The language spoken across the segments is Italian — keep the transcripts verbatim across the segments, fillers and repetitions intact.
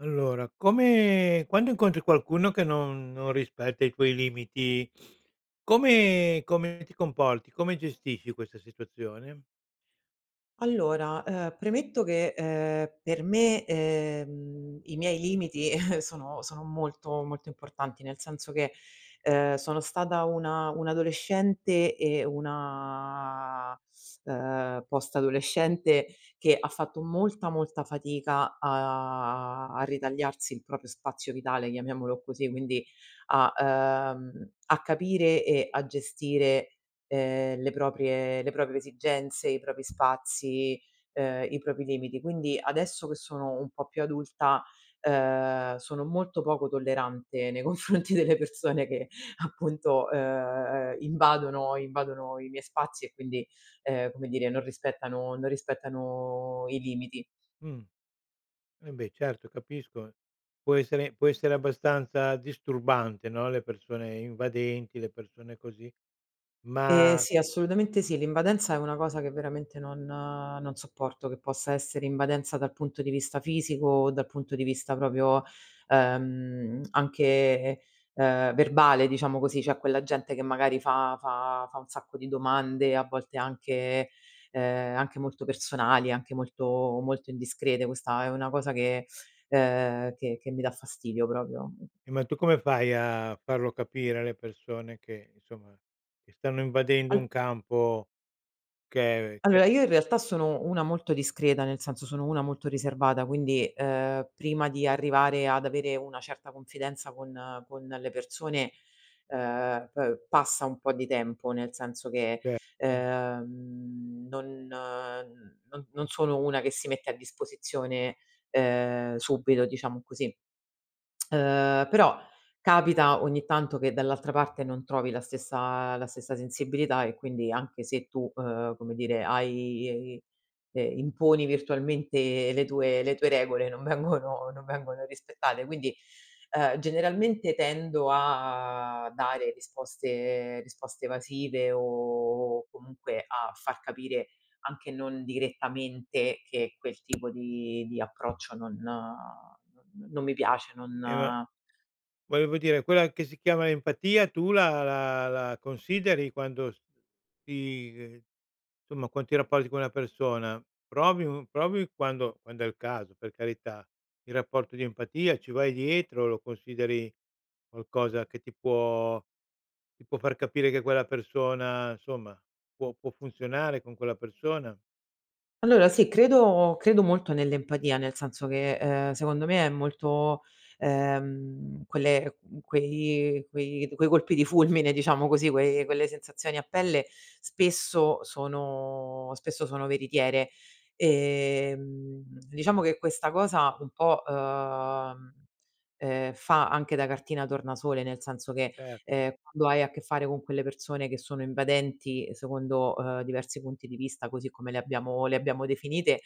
Allora, come quando incontri qualcuno che non non rispetta i tuoi limiti, come come ti comporti, come gestisci questa situazione? Allora, ehm, premetto che, ehm, per me, ehm, i miei limiti sono sono molto molto importanti, nel senso che, ehm, sono stata una un'adolescente e una, ehm, post adolescente che ha fatto molta, molta fatica a a ritagliarsi il proprio spazio vitale, chiamiamolo così, quindi a ehm, a capire e a gestire, ehm, le proprie le proprie esigenze, i propri spazi, ehm, i propri limiti. Quindi adesso che sono un po' più adulta, ehm, sono molto poco tollerante nei confronti delle persone che appunto, ehm, invadono invadono i miei spazi e quindi, ehm, come dire non rispettano non rispettano i limiti. Mh. Eh beh, certo capisco, può essere può essere abbastanza disturbante, no, le persone invadenti, le persone così, Ehm, ma sì assolutamente sì, l'invadenza è una cosa che veramente non non sopporto, che possa essere invadenza dal punto di vista fisico o dal punto di vista proprio, ehm, anche, ehm, verbale diciamo così. C'è quella gente che magari fa fa fa un sacco di domande, a volte anche, ehm, anche molto personali, anche molto molto indiscrete, questa è una cosa che, ehm, che che mi dà fastidio proprio E ma tu come fai a farlo capire alle persone che insomma, che stanno invadendo Allo un campo che ehm, è allora io in realtà sono una molto discreta, nel senso sono una molto riservata, quindi, ehm, prima di arrivare ad avere una certa confidenza con con le persone, ehm, pe passa un po' di tempo nel senso che, Certo. ehm, non n non non sono una che si mette a disposizione, ehm, subito diciamo così. Ehm, però capita ogni tanto che dall'altra parte non trovi la stessa la stessa sensibilità e quindi anche se tu, uhm, come dire hai, ehm, imponi virtualmente le tue le tue regole non vengono non vengono rispettate, quindi, ehm, generalmente tendo a dare risposte ehm, risposte evasive o comunque a far capire, anche non direttamente, che quel tipo di di approccio non, uhm, non non mi piace, non E ma, volevo dire quella che si chiama empatia tu la la la consideri quando s ti ehm, somma qua ti rapporti con una persona, provi un provi quando quand'è il caso per carità, il rapporto di empatia, ci vai dietro, lo consideri qualcosa che ti può ti può far capire che quella persona, insomma, può può funzionare con quella persona? Allora sì credo credo molto nell'empatia, nel senso che, ehm, secondo me è molto, ehm, quelle, uhm, quei quei quei colpi di fulmine diciamo così, quei quelle sensazioni a pelle spesso sono spesso sono veritiere. Ehm, diciamo che questa cosa un po', uhm, ehm, fa anche da cartina tornasole, nel senso che, Certo. ehm, quando hai a che fare con quelle persone che sono invadenti secondo, uhm, diversi punti di vista, così come le abbiamo le abbiamo definite,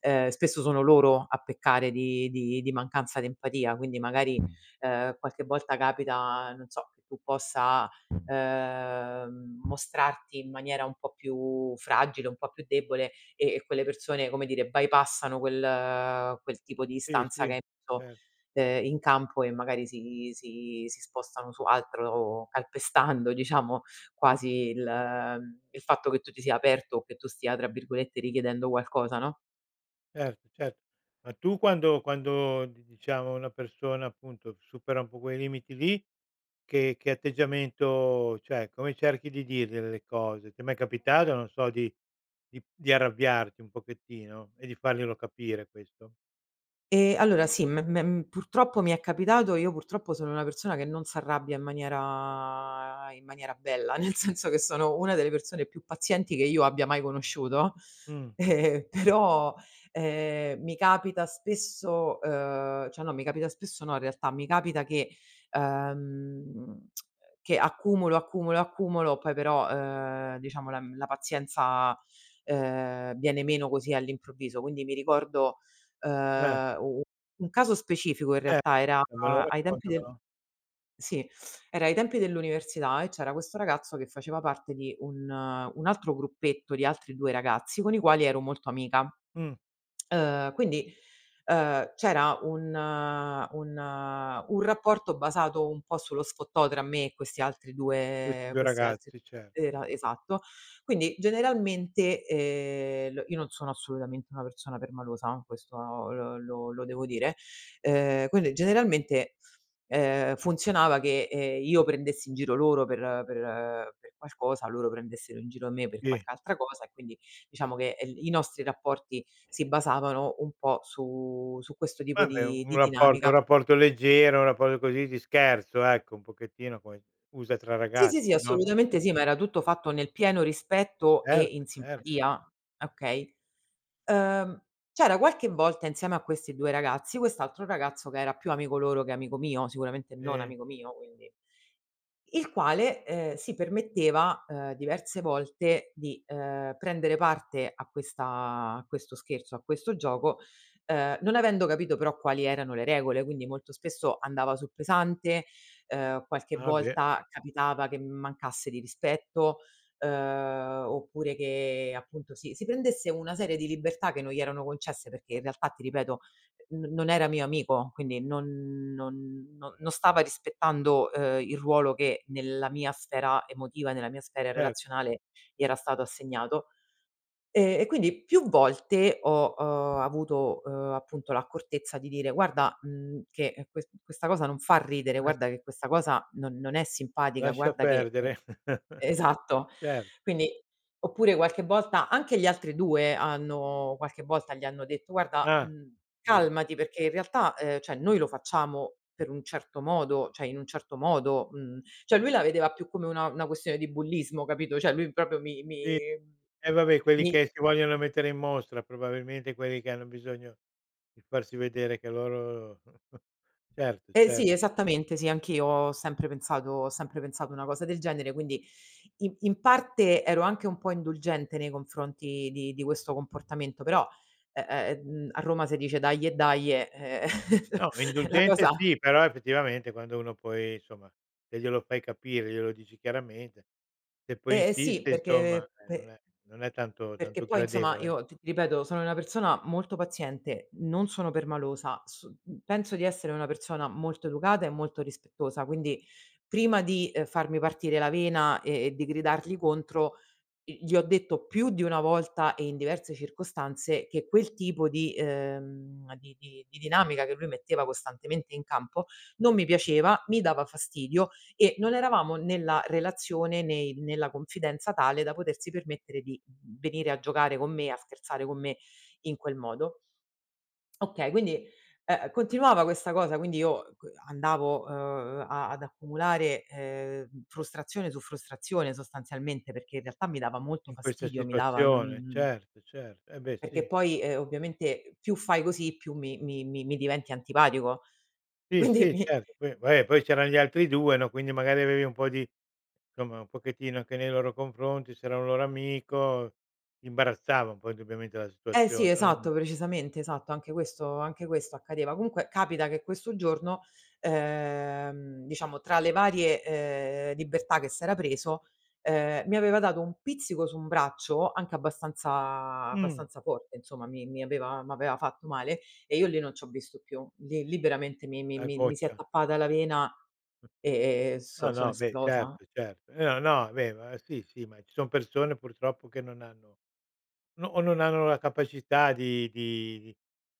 ehm, spesso sono loro a peccare di di di mancanza d'empatia quindi magari, ehm, qualche volta capita non so, che tu possa ehm, mostrarti in maniera un po' più fragile, un po' più debole, e e quelle persone, come dire, bypassano quel, ehm, quel tipo Sì, distanza che sì. hai so, Certo. ehm, in campo e magari si si si spostano su altro calpestando diciamo, quasi il ehm, il fatto che tu ti sia aperto o che tu stia tra virgolette "richiedendo qualcosa", no? Cert cert Ma tu quando quando di diciamo una persona appunto, supera un po' quei limiti lì, che che atteggiamento cioè come cerchi di dirgliele le cose? Ti è mai capitato non so, di di di arrabbiarti un pochettino e di farglielo capire, questo? Ehm, allora sì, me me m purtroppo mi è capitato. Io purtroppo sono una persona che non s'arrabbia in maniera in maniera bella, nel senso che sono una delle persone più pazienti che io abbia mai conosciuto. Mh. Però ehm, mi capita spesso, uhm, cioè no, mi capita spesso no, in realtà, mi capita che uhm, che accumulo, accumulo, accumulo, poi però, ehm, diciamo la uhm, la pazienza, ehm, viene meno così all'improvviso. Quindi mi ricordo, Eh. ehm, u u un caso specifico in Eh. realtà: era E me lo ai tempi del [unintelligible] sì, era ai tempi dell'università e c'era questo ragazzo che faceva parte di un un altro gruppetto di altri due ragazzi con i quali ero molto amica. Mh. Ehm, quindi, ehm, c'era un un un rapporto basato un po' sullo sfottò tra me e questi altri Questi due due questi altri ragazzi, cer era esatto. Quindi generalmente, ehm, l io non sono assolutamente una persona permalosa questo l lo lo devo dire, ehm, quelle generalmente, ehm, funzionava che, ehm, io prendessi in giro loro per per per qualcosa, loro prendessero in giro me per Sì. qualche altra cosa e quindi diciamo che il i nostri rapporti si basavano un po' su su questo tipo Vabbè di un di rapporto un dinamica. rapporto leggero, un rapporto così di scherzo ecco, un pochettino poi usa tra Sì, sì, sì, ragazzi, no? assolutamente sì, ma era tutto fatto nel pieno rispetto e Certo, in cer simpatia, okay. Uhm, c'era qualche volta insieme a questi due ragazzi, quest'altro ragazzo che era più amico loro che amico mio, sicuramente non Sì. amico mio quindi il quale, ehm, si permetteva, ehm, diverse volte di, ehm, prendere parte a questa a questo scherzo, a questo gioco, ehm, non avendo capito però quali erano le regole. Quindi molto spesso andava sul pesante, ehm, qualche Ah beh! volta capitava che mi mancasse di rispetto, ehm, oppure che appunto si si prendesse una serie di libertà che non gli erano concesse perché in realtà ti ripeto n non era mio amico quindi non non non stava rispettando, ehm, il ruolo che nella mia sfera emotiva, nella mia sfera Cer relazionale gli era stato assegnato. Ehm, e quindi più volte ho, uhm, avuto, uhm, appunto l'accortezza di dire: "Guarda, uhm, che que questa cosa non fa ridere, Ah s guarda che questa cosa non non è simpatica, Lascia guarda che, ehm", perdere! esatto. Cer Quindi oppure qualche volta anche gli altri due hanno qualche volta gli hanno detto: "Guarda, Ah! uhm, [unintelligible] calmati perché in realtà, ehm, cioè noi lo facciamo per un certo modo". Cioè, in un certo modo uhm, cioè lui la vedeva più come una una questione di bullismo capito. Cioè lui propio mi mi Sì, eh va beh, quelli mi che si vogliono mettere in mostra, probabilmente quelli che hanno bisogno di farsi vedere che loro certo, Ehm, cer sì esattamente. Sì anch'io ho sempre pensato ho sempre pensato una cosa del genere quindi in in parte ero anche un po' indulgente nei confronti di di questo comportamento però, eh, ehm, a Roma se dice: "Daje, daje", eh No, la indulgente, cosa sì. Però effettivamente quando uno poi insomma te glielo fai capire, glielo dici chiaramente. Se poi Eh, e sì insiste insomma, perché eh, non pe è non è tanto perché tanto poi insomma gradevole. io t ripeto sono una persona molto paziente, non sono permalosa, so penso di essere una persona molto educata e molto rispettosa quindi prima di farmi partire la vena e e di gridargli contro gli ho detto più di una volta e in diverse circostanze che quel tipo di ehm, di di di dinamica che lui metteva costantemente in campo non mi piaceva, mi dava fastidio e non eravamo nella relazione, né nella confidenza tale da potersi permettere di venire a giocare con me, a scherzare con me, in quel modo. Okay quindi, ehm, continuava questa cosa, quindi io co andavo, ehm, a ad accumulare, ehm, frustrazione su frustrazione sostanzialmente, perché in realtà mi dava molto In questa fastidio mi dava e situazione. non Certo, cer e beh, Perché sì. poi, ehm, ovviamente più fai così, più mi mi mi mi diventi antipatico Sì, quindi sì, mi certo, poi va eh poi c'eran gli altri due no, quindi magari avevi un po' di insomma un pochettino anche nei loro confronti, s'era un loro amico imbarazzava un po' indubbiamente la Eh situazione sì, no, imma esatto, precisamente, esatto. Anche questo anche questo accadeva. Comunque capita che questo giorno, ehm, diciamo tra le varie, ehm, libertà che s'era preso, ehm, mi aveva dato un pizzico su un braccio anche abbastanza Mh. abbastanza forte insomma, mi mi aveva m'aveva fatto male e io lì non c'ho visto più. Lì lì veramente mi mi La mi mi si è goccia. tappata la vena Mh. e e No, so sono no, beh esplosa certo, certo. No, no, beh ma sì, sì, ma ci son persone purtroppo che non hanno no o non hanno la capacità di di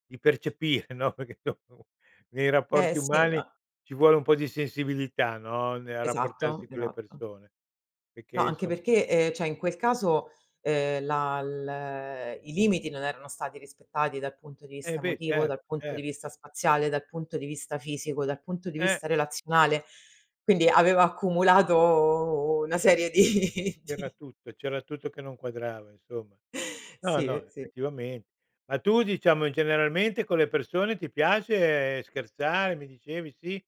di percepire no, perché [unintelligible] nei Eh, rapporti sì, umani ma ci vuole un po' di sensibilità no, nel Esatto, rapportarsi con le esatto. persone. No, Perché anche insom perché, ehm, cioè in quel caso, ehm, la l i limiti non erano stati rispettati dal punto di Eh vista beh, emotivo, cer dal punto di cer vista spaziale, dal punto di vista fisico, dal punto di Eh! vista relazionale, quindi avevo accumulato una serie di C'era di tutto c'era tutto che non quadrava insomma. No, Sì, no, ehm, sì. effettivamente Ma tu diciamo in generalmente con le persone ti piace scherzare? Mi dicevi sì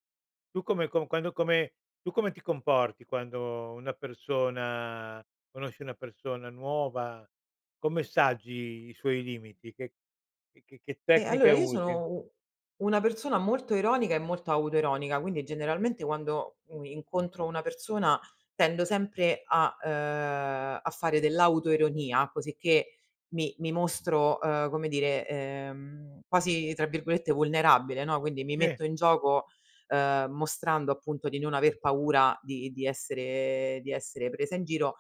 Tu come con quando come tu come ti comporti quando una persona conosci una persona nuova, come saggi i suoi limiti, che che che che Ehm, tecniche allora io usi? sono u una persona molto ironica e molto autoironica, quindi generalmente quando, u incontro una persona tendo sempre a, ehm, a fare dell'autoironia cosicché mi mi mostro, ehm, come dire, ehm, quasi tra virgolette "vulnerabile", no, quindi mi Sì. metto in gioco, ehm, mostrando appunto di non aver paura di di essere, di essere presa in giro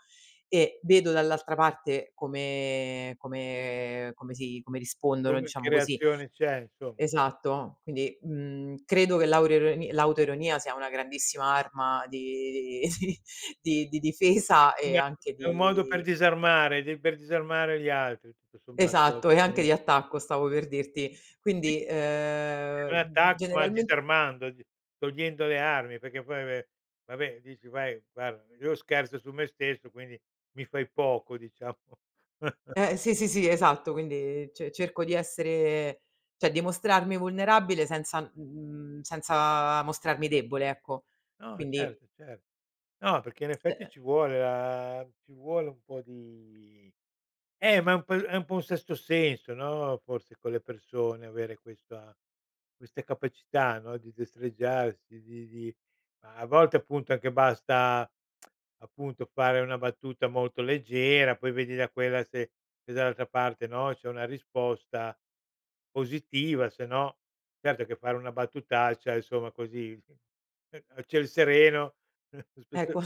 e vedo dall'altra parte come come come si come rispondono Come che diciamo così reazione c'è insomma? Esatto. Quindi, uhm, credo che l'auro l'autoironia sia una grandissima arma di di di di di difesa e [unintelligible] anche è un modo per di disarmare de per disarmare gli altri tutto sommato Esatto, e anche [unintelligible] di attacco stavo per dirti, quindi, [unintelligible] è un ehm, attacco ma generalment disarmandoti, togliendo le armi perché poi ve vabbè dici: "Vai, guarda, io scherzo su me stesso quindi mi fai poco", Diciamo. Eh, sì, sì, sì, esatto quindi ce cerco di essere ceh di mostrarmi vulnerabile senza mhmm, senza mostrarmi debole ecco. No, Quindi certo, certo. No, perché in Eh, effetti ehm ci vuole la ci vuole un po' di Eh, ma è un po è un po' un sesto senso no, forse con le persone avere questa queste capacità no, di destreggiarsi, di di a volte appunto anche basta appunto fare una battuta molto leggera, poi vedi da quella se dall'altra parte no, c'è una risposta positiva, se no certo che fare una battutaccia insomma così, ehm a ciel sereno, spesso Equa.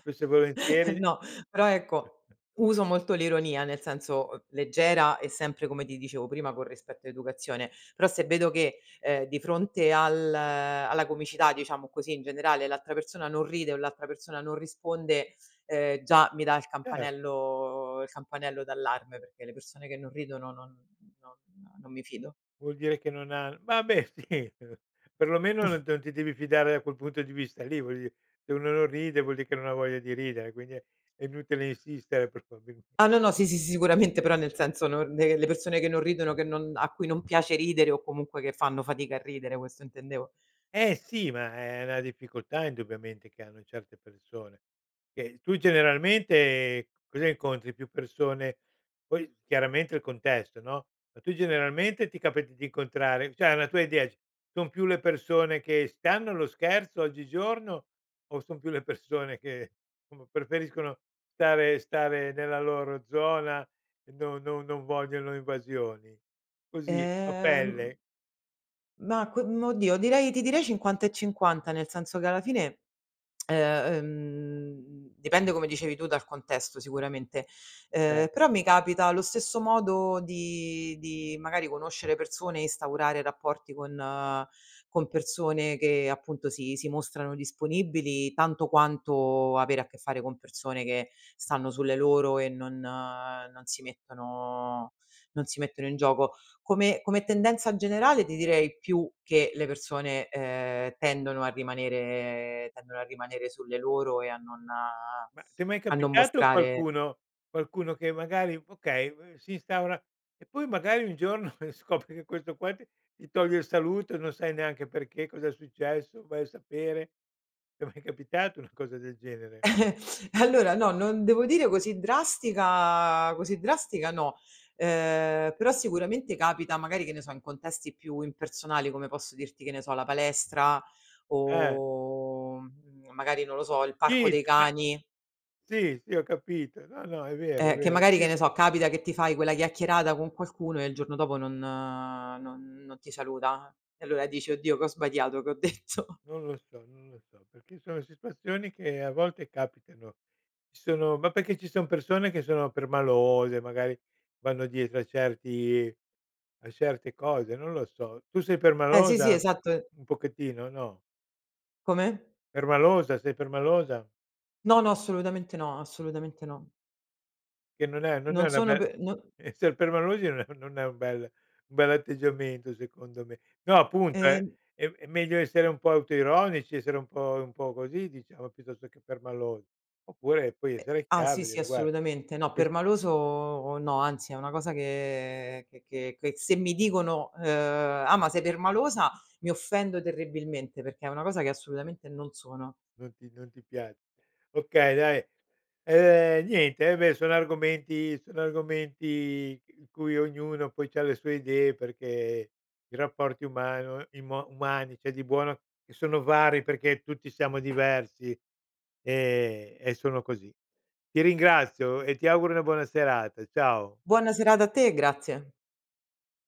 spesso e volentieri No. Però ecco, uso molto l'ironia, nel senso, leggera e sempre come ti dicevo prima con rispetto e educazione. Però se vedo che, ehm, di fronte al alla comicità diciamo così in generale l'altra persona non ride o l'altra persona non risponde, ehm, già mi dà il Cer campanello il campanello d'allarme perché le persone che non ridono non non non mi fido. Vuol dire che non ha ma beh, sì, perlomeno non t non ti devi fidare da quel punto di vista lì. Voglio di se uno non ride vuol dì che non voglia di ridere quindi è inutile insistere probabilme Ah no, no, sì, sì, si, sicuramente però nel senso non le persone che non ridono, che non a cui non piace ridere o comunque che fanno fatica a ridere, questo intendevo. Eh sì ma è è na difficoltà indubbiamente che hanno certe persone. Che tu generalmente cosa incontri? Più persone poi chiaramente il contesto no, ma tu, generalmente, ti capita di incontrare ceh una tua idea: son più le persone che stanno allo scherzo oggigiorno o son più le persone che somma preferiscono stare stare nella loro zona, no non non vogliono invasioni? Così a Ehm pelle. Ma qu ehm, oddio, direi ti direi cinquanta e cinquanta nel senso che alla fine, ehm, dipende come dicevi tu dal contesto sicuramente, ehm, Cer però mi capita allo stesso modo di di magari conoscere persone e instaurare rapporti con con persone che appunto si si mostrano disponibili tanto quanto avere a che fare con persone che stanno sulle loro e non non si mettono non si mettono in gioco. Come come tendenza generale ti direi più che le persone, ehm, tendono a rimanere tendono a rimanere sulle loro e a non Ma ti è mai a non capitato mostrare qualcuno qualcuno che magari okay, uhm, si instaura e poi magari, un giorno scopri che questo qua ti ti toglie il saluto e non sai neanche perché, cosa è successo, vai a sapere, ti è mai capitato una cosa del genere? Allora no, non devo dire così drastica così drastica no. Ehm, però sicuramente capita magari che ne so in contesti più impersonali, come posso dirti, che ne so, la palestra Eh! o, uhm, magari non lo so, il parco Sì, dei [unintelligible] cani Sì, sì, ho capito. No, no, è vero, è eh, che vero, magari, sì che ne so, capita che ti fai quella chiacchierata con qualcuno e il giorno dopo non non non ti saluta. E allora dici: "Oddio, che ho sbagliato? Che ho detto? Non lo so, non lo so, perché sono situazioni che a volte capitano. Ci sono ma perché ci son persone che sono permalose, magari vanno dietro a certi a certe cose. Non lo so, tu sei Eh, sì, sì, permalosa? esatto e Un pochettino, no? Come? Permalosa, sei permalosa? No, no, assolutamente no. Assolutamente no. Che non è non è Non una sono bel pe no Esser permalosi no non è un bel un bell'atteggiamento secondo me. No appunto è E è meglio essere un po' autoironici, essere un po un po' così, diciamo, piuttosto che permalosi. Oppure puoi Eh essere ah, chiaro sì, e sì, dire: "guara assolutamente. No ques" permaloso no, anzi è una cosa che che che che se mi dicono, ehm: "Ah, ma sei permalosa", mi offendo terribilmente, perché è una cosa che assolutamente non sono. Non ti non ti pia Okay dai, ehm, niente. Ehm, beh sono argomenti sono argomenti in cui ognuno poi c'ha le sue idee perché i rapporti umano imo umani c'è di buono che sono vari, perché tutti siamo diversi, ehm, e sono così. Ti ringrazio e ti auguro una buona serata. Ciao. Buona serata a te e grazie.